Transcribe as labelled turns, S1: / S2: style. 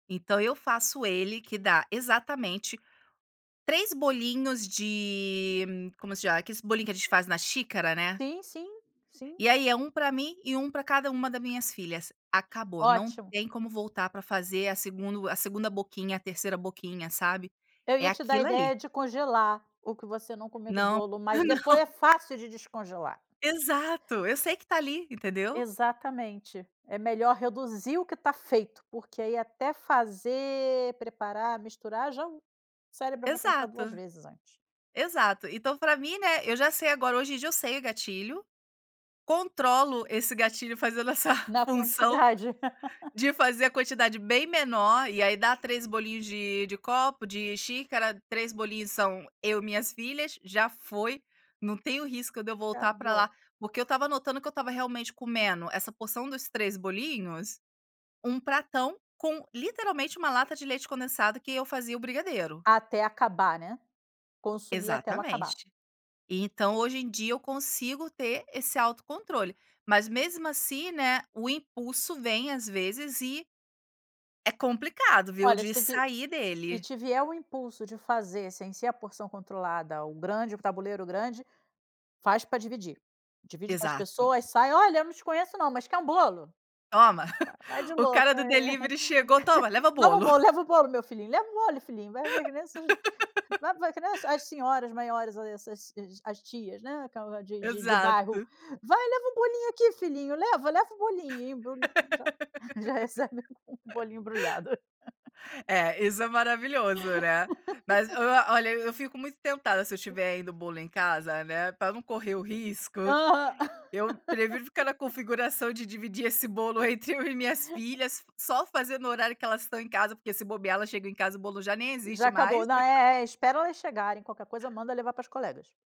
S1: Então eu faço ele que dá, exatamente, 3 bolinhos de como se chama? Aqueles bolinhos que gente faz na xícara, né.
S2: Sim, sim, sim.
S1: E aí, é 1 para mim e 1 para cada uma da minhas filhas, acabou. Não
S2: Ótimo.
S1: tem como voltar para fazer a segundo a segunda boquinha, a terceira boquinha, sabe.
S2: Eu
S1: É
S2: ia te dar a
S1: aquilo ali.
S2: ideia de congelar o que você não comer do
S1: Não,
S2: bolo, mas depois é
S1: não.
S2: fácil de descongelar.
S1: Exato, eu sei que está ali, entendeu?
S2: Exatamente. É melhor reduzir o que está feito, porque aí até fazer, preparar, misturar já o cérebro vai pensar 2
S1: Exato.
S2: vezes antes.
S1: Exato. Então pra mim, né, eu já sei agora. Hoje em dia, eu sei o gatilho, controlo esse gatilho fazendo essa
S2: Na
S1: função,
S2: quantidade.
S1: de fazer a quantidade bem menor. E aí, dá 3 bolinhos de de copo, de xícara. 3 bolinhos são eu e minhas filhas. Já foi, não tenho risco de eu
S2: Tá
S1: voltar para lá.
S2: bom.
S1: Porque eu estava notando que eu estava realmente comendo, essa porção dos 3 bolinhos, um pratão com, literalmente, uma lata de leite condensado que eu fazia o brigadeiro.
S2: Até acabar, né. "Consumir até eu acabar".
S1: Exatamente. E, então, hoje em dia, eu consigo ter esse autocontrole. Mas, mesmo assim, né, o impulso vem, às vezes, e é complicado, viu,
S2: Olha, se
S1: de
S2: v
S1: sair
S2: se
S1: dele.
S2: te vier o impulso de fazer sem ser a porção controlada, o grande, o tabuleiro grande, faz pra dividir. Divide com as
S1: Exato.
S2: pessoas. Sai: “Olha, eu não te conheço não, mas quer um bolo?”
S1: Toma!
S2: Va vai de
S1: O
S2: louca:
S1: cara do
S2: “Eh,
S1: delivery chegou: "Toma, leva
S2: toma o
S1: bolo".
S2: bolo, leva o bolo meu filhinho, leva o bolo, filhinho”. Vai vai que nem essas vai vai que nem as as senhoras maiores, essas as tias, né, aquela de de de bairro:
S1: Exato.
S2: “Vai, leva o bolinho aqui, filhinho. Leva, leva, leva o bolinho”. Embrulha já já recebe o bolinho embrulhado.
S1: É, isso é maravilhoso, né. Mas o o olha, eu fico muito tentada, se eu tiver ainda o bolo em casa, né, para não correr o risco,
S2: Aham.
S1: eu prefiro ficar na configuração de dividir esse bolo entre eu e minhas filhas, só fazer no horário que elas estão em casa, porque, se bobear, elas chegam em casa, o bolo já nem existe
S2: Já acabou.
S1: mais.
S2: Não, é, é, espera elas chegarem. Qualquer coisa manda levar para as colegas.